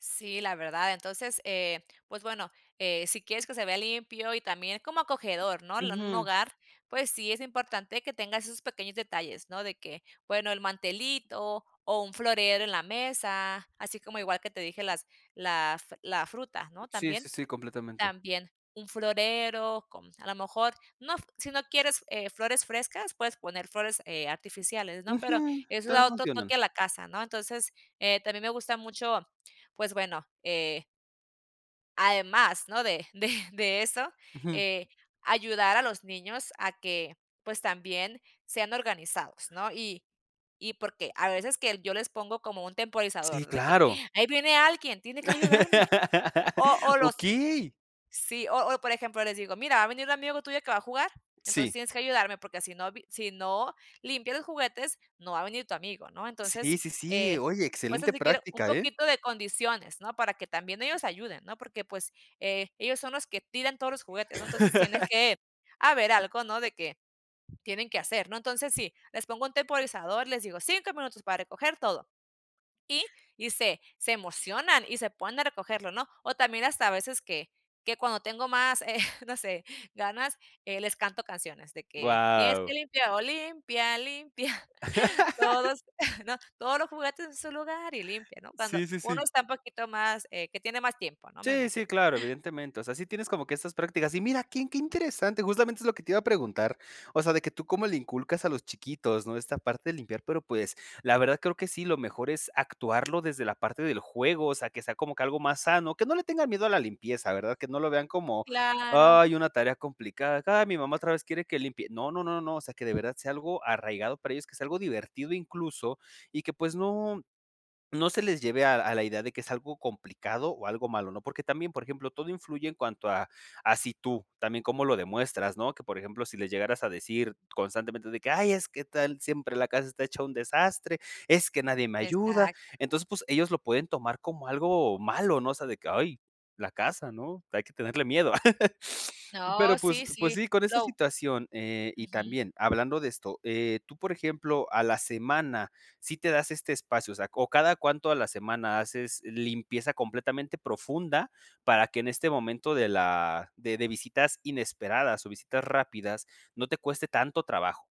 Sí, la verdad. Entonces, eh, pues bueno, eh, si quieres que se vea limpio y también como acogedor, ¿no? L Un Ujú. hogar, pues sí es importante que tengas esos pequeños detalles, ¿no? De que, bueno, el mantelito o un florero en la mesa, así como igual que te dije las la f la fruta, ¿no?, Sí, sí, también. sí, completamente. También. Un florero, con a lo mejor, no f si no quieres, eh, flores frescas, puedes poner flores, eh, artificiales, ¿no? Pero Ujú. eso También da otro funcionan. toque a la casa, ¿no? Entonces, eh, también me gusta mucho, pues bueno, eh además, ¿no? De de de eso, Ujú. eh, ayudar a los niños a que, pues, también sean organizados, ¿no? Y y porque a veces que yo les pongo como un Sí, temporizador, de que, claro. ahí viene alguien, tiene que ayudarme. O o los ¡Okey! Sí, o o, por ejemplo, les digo: "Mira, va a venir un amigo tuyo que va a jugar, entonces Sí. tienes que ayudarme, porque si no vi si no limpias los juguetes, no va a venir tu amigo", ¿no? Sí, Entonces, sí, sí, eh, oye, pues excelente así quiero un práctica, ¿eh? poquito de condiciones, ¿no?, para que también ellos ayuden, ¿no? Porque, pues, eh, ellos son los que tiran todos los juguetes, ¿no? Entonces tiene que haber algo, ¿no?, de que tienen que hacer, ¿no? Entonces, sí, les pongo un temporizador, les digo: "5 minutos para recoger todo". Y y se se emocionan y se ponen a recogerlo, ¿no? O también hasta a veces que que cuando tengo más, eh, no sé, ganas, les canto canciones de que tienes que Guau. limpiar, o "limpia, limpia, todos", ¿no? "Todos los juguetes en su lugar y limpia", ¿no? Cuando Sí, sí, uno sí. está un poquito más eh, que tiene más tiempo, ¿no? Me Sí, sí, imagino. claro, evidentemente. O sea, sí tienes como que estas prácticas y mira, qué qué interesante, justamente es lo que te iba a preguntar. O sea, de que tú cómo le inculcas a los chiquitos, ¿no? Esta parte de limpiar pero, pues, la verdad creo que sí, lo mejor es actuarlo desde la parte del juego, o sea, que sea como que algo más sano, que no le tengan miedo a la limpieza, ¿verdad? Que no lo vean como, Claro. ay, una tarea complicada, ay, mi mamá otra vez quiere que limpie. No, no, no, no, o sea, que de verdad sea algo arraigado para ellos, que sea algo divertido incluso y que, pues, no no se les lleve a a la idea de que es algo complicado o algo malo, ¿no? Porque también, por ejemplo, todo influye en cuanto a a si tú, también cómo lo demuestras, ¿no? Que, por ejemplo, si les llegaras a decir constantemente de que, ay, es que tal siempre la casa está hecha un desastre, es que nadie me ayuda, Exacto. entonces, pues, ellos lo pueden tomar como algo malo, ¿no?, o sea, de que: ay, la casa, ¿no? Hay que tenerle miedo. Pero, No, pues sí, pues sí. sí, con esa Lo situación, eh, y Ujú. también hablando de esto, eh, tú, por ejemplo, a la semana sí te das este espacio, o sea O, ¿cada cuánto a la semana haces limpieza completamente profunda para que en este momento de la de de visitas inesperadas o visitas rápidas no te cueste tanto trabajo?